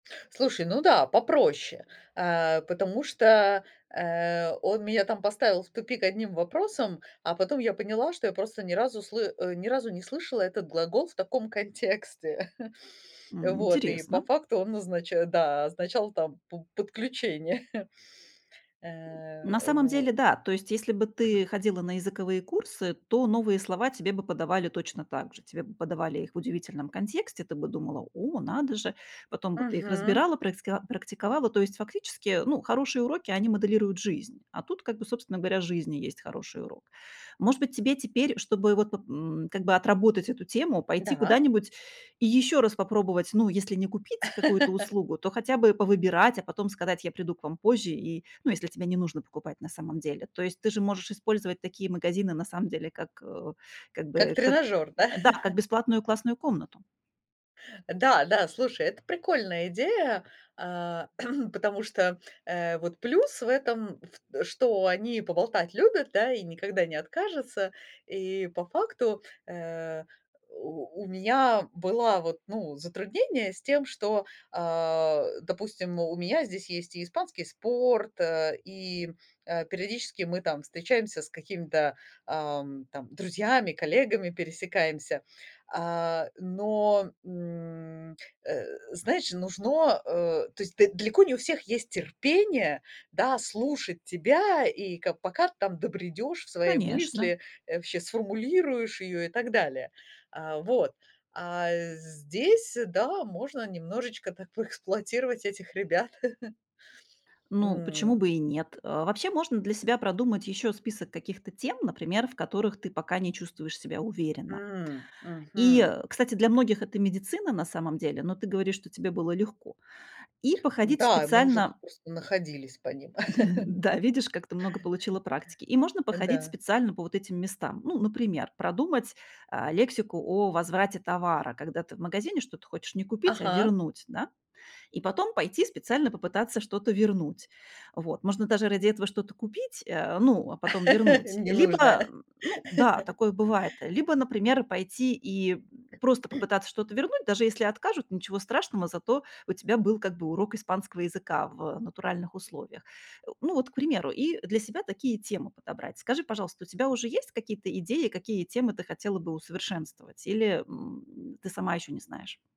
Слушай, ну да, попроще, э, потому что, э, он меня там поставил в тупик одним вопросом, а потом я поняла, что я просто ни разу сл э, ни разу не слышала этот глагол в таком контексте. М, Вот, и по интересно. факту он означ да, означал там п подключение. Э, На самом вот. деле, да, то есть, если бы ты ходила на языковые курсы, то новые слова тебе бы подавали точно так же, тебе бы подавали их в удивительном контексте, ты бы думала: "О, надо же!" Потом бы ты их Мгм. разбирала, праиск практиковала. То есть, фактически, э, ну, хорошие уроки, они моделируют жизнь, а тут, как бы, собственно говоря, жизнь и есть хороший урок. Может быть, тебе теперь, чтобы вот поп м, как бы отработать эту тему, пойти Да. куда-нибудь и ещё раз попробовать, ну, если не купить какую-то услугу, то хотя бы повыбирать, а потом сказать: "Я приду к вам позже". И, ну, если тебе не нужно покупать на самом деле. То есть, ты же можешь использовать такие магазины на самом деле как, э, как Как бы, как, тренажёр, да? да, как бесплатную классную комнату. Да, да, слушай, это прикольная идея, а, потому что, э, вот плюс в этом, в что они поболтать любят, да, и никогда не откажутся. И по факту, э, у у меня была вот, ну, затруднение с тем, что, а, допустим, у меня здесь есть и испанский спорт, э, и, э, периодически мы там встречаемся с какими-то, ам, там друзьями, коллегами пересекаемся. А, но, м, э, знаешь, нужно, э, то есть д далеко не у всех есть терпение, да, слушать тебя, и ка пока ты там добредёшь в свои Конечно. мысли, э, вообще сформулируешь её и так далее. А, вот, а здесь, да, можно немножечко так поэксплуатировать этих ребят. Ну, почему М. бы и нет? Э, вообще, для себя продумать ещё список каких-то тем, например, в которых ты пока не чувствуешь себя уверенно. М, И, мгм. э, кстати, для многих это медицина на самом деле, но ты говоришь, что тебе было легко. И походить Да, мы уже тут специально. просто находились по ним. Да, видишь, как ты много получила практики. И можно походить Да. специально по вот этим местам. Ну, например, продумать, а, лексику о возврате товара, когда ты в магазине что-то хочешь не купить, а Ага. вернуть, да? И потом пойти специально попытаться что-то вернуть. Вот. Можно даже ради этого что-то купить, э, ну а потом вернуть. Либо, Ненужное. ну да, такое бывает, либо, например, пойти и просто попытаться что-то вернуть, даже если откажут, ничего страшного, зато у тебя был как бы урок испанского языка в натуральных условиях. Э, ну вот, к примеру, и для себя такие темы подобрать. Скажи, пожалуйста, у тебя уже есть какие-то идеи, какие темы ты хотела бы усовершенствовать, или, м, ты сама ещё не знаешь?